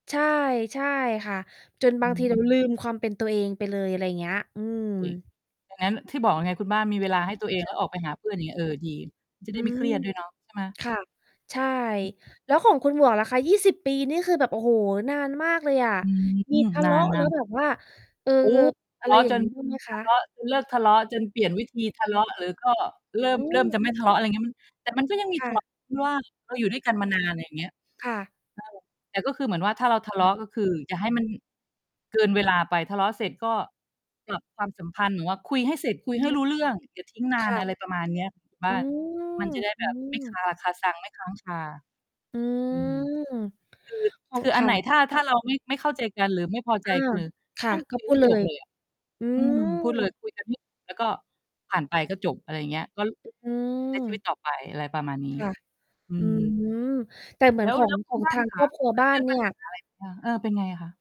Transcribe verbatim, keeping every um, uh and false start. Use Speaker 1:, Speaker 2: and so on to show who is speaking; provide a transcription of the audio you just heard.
Speaker 1: ใช่ ใช่ค่ะ จนบ
Speaker 2: อ
Speaker 1: า
Speaker 2: ื
Speaker 1: งทีเร
Speaker 2: ม
Speaker 1: าลืมความเป็นตัวเองไปเลย อะไรเงี้ย อืม
Speaker 2: เฮ้ย ดังนั้น ที่บอกไงคุณบ้าน มี เวลาให้ตัวเอง
Speaker 1: ค่
Speaker 2: แ
Speaker 1: ะ
Speaker 2: ล้วออกไปหาเพื่อน อย่างเงี้ย เออ ดี จะไ
Speaker 1: อ
Speaker 2: ด
Speaker 1: ื
Speaker 2: ้ไม่เ
Speaker 1: ม
Speaker 2: ครียดด้วยเนาะ ใช่ไหม?
Speaker 1: ค่ะ ใช่
Speaker 2: อื
Speaker 1: แล้วของคุณ
Speaker 2: ม
Speaker 1: หมวกล่ะคะ? ยี่สิบ ปีนี่คือแบบ โอ้โฮ นานมากเลยอะ
Speaker 2: อืม
Speaker 1: มีทะ
Speaker 2: น
Speaker 1: เล
Speaker 2: า
Speaker 1: าะแล้ว
Speaker 2: น ๆ
Speaker 1: แบบว่า เอ่อ
Speaker 2: โอ้ ท
Speaker 1: อ
Speaker 2: ะ
Speaker 1: ะ
Speaker 2: เ
Speaker 1: ไร
Speaker 2: ลาะ
Speaker 1: อย่า
Speaker 2: จ
Speaker 1: งง
Speaker 2: น
Speaker 1: ี้ บ้าง ไหมค
Speaker 2: ท
Speaker 1: ะ?
Speaker 2: ะเลาะ จน เลิกทะเลาะ จนเปลี่ยนวิธีทะเลาะ หรือก็เริ่
Speaker 1: อ
Speaker 2: ม
Speaker 1: ื
Speaker 2: เริ่มจะ
Speaker 1: ม
Speaker 2: ไม่ ทะเลาะ อะไรเงี้ย มัน แต่มันก็ยังมี
Speaker 1: ค
Speaker 2: ท
Speaker 1: ่
Speaker 2: ะเลา
Speaker 1: ะ
Speaker 2: ะ ที่ว่า เราอยู่ด้วยกันมา นาน ไรอย่างเงี้ย
Speaker 1: ค่ะ
Speaker 2: เออ แต่ก็คือเหมือนว่า ถ้าเราทะเลาะ ก็คืออย่าให้มัน เกินเวลาไป ทะเลาะเสร็จก็ปรับความสัมพันธ์ หรือว่าคุยให้เสร็จ คุย
Speaker 1: อ
Speaker 2: ให
Speaker 1: ื
Speaker 2: ้
Speaker 1: ม
Speaker 2: รู้เรื่อง อย่า ทิ้งน
Speaker 1: ค
Speaker 2: าน
Speaker 1: ่ะ
Speaker 2: อะไรประมาณเนี้ยคุณบ
Speaker 1: อ
Speaker 2: ้
Speaker 1: ื
Speaker 2: าน มัน
Speaker 1: ม
Speaker 2: จะได้
Speaker 1: อ
Speaker 2: แบ
Speaker 1: ื
Speaker 2: บไม่ค
Speaker 1: อ
Speaker 2: าราคาซัง ไม่ ค้าง คา
Speaker 1: อื
Speaker 2: อืม
Speaker 1: ม อ้อ
Speaker 2: คือ คือ
Speaker 1: ค
Speaker 2: อัน
Speaker 1: ่
Speaker 2: ไหน
Speaker 1: ะ
Speaker 2: ถ้า ถ้าเราไม่เข้าใจกันหรือไม่พอใ
Speaker 1: อ
Speaker 2: จ
Speaker 1: า
Speaker 2: คือ
Speaker 1: ค่
Speaker 2: น
Speaker 1: ะ
Speaker 2: ั่ง
Speaker 1: ก
Speaker 2: ค
Speaker 1: ็
Speaker 2: ุย
Speaker 1: พ
Speaker 2: ใ
Speaker 1: ู
Speaker 2: ห้
Speaker 1: ดเล
Speaker 2: จบ
Speaker 1: ย
Speaker 2: เลยอะ
Speaker 1: อื
Speaker 2: อืม พูดเลย
Speaker 1: ม
Speaker 2: คุยกันให้จบ แล้วก็ผ่านไปก็จบ อะไรอย่างเงี้ย ก็ ล
Speaker 1: อื
Speaker 2: ใช้ชีวิต
Speaker 1: ม
Speaker 2: ต่อไป อะไรประมาณนี้
Speaker 1: ค่ะ
Speaker 2: อื
Speaker 1: อื
Speaker 2: ม
Speaker 1: ม แต่เหมื
Speaker 2: แ
Speaker 1: อ
Speaker 2: ล
Speaker 1: น
Speaker 2: ้ว
Speaker 1: ขอ
Speaker 2: แ
Speaker 1: ง
Speaker 2: ล้วค
Speaker 1: ข
Speaker 2: ุ
Speaker 1: อ
Speaker 2: ณ
Speaker 1: ง
Speaker 2: บ้า
Speaker 1: ท
Speaker 2: น
Speaker 1: า
Speaker 2: ล่
Speaker 1: ง
Speaker 2: ะค
Speaker 1: คร
Speaker 2: ะ?
Speaker 1: อบครัว
Speaker 2: เค
Speaker 1: บ
Speaker 2: ย
Speaker 1: ้า
Speaker 2: เจ
Speaker 1: น
Speaker 2: อ
Speaker 1: เน
Speaker 2: ป
Speaker 1: ี่
Speaker 2: ัญ
Speaker 1: ย
Speaker 2: หาอะไร บ้าง? เออ เป็นไงอะคะ?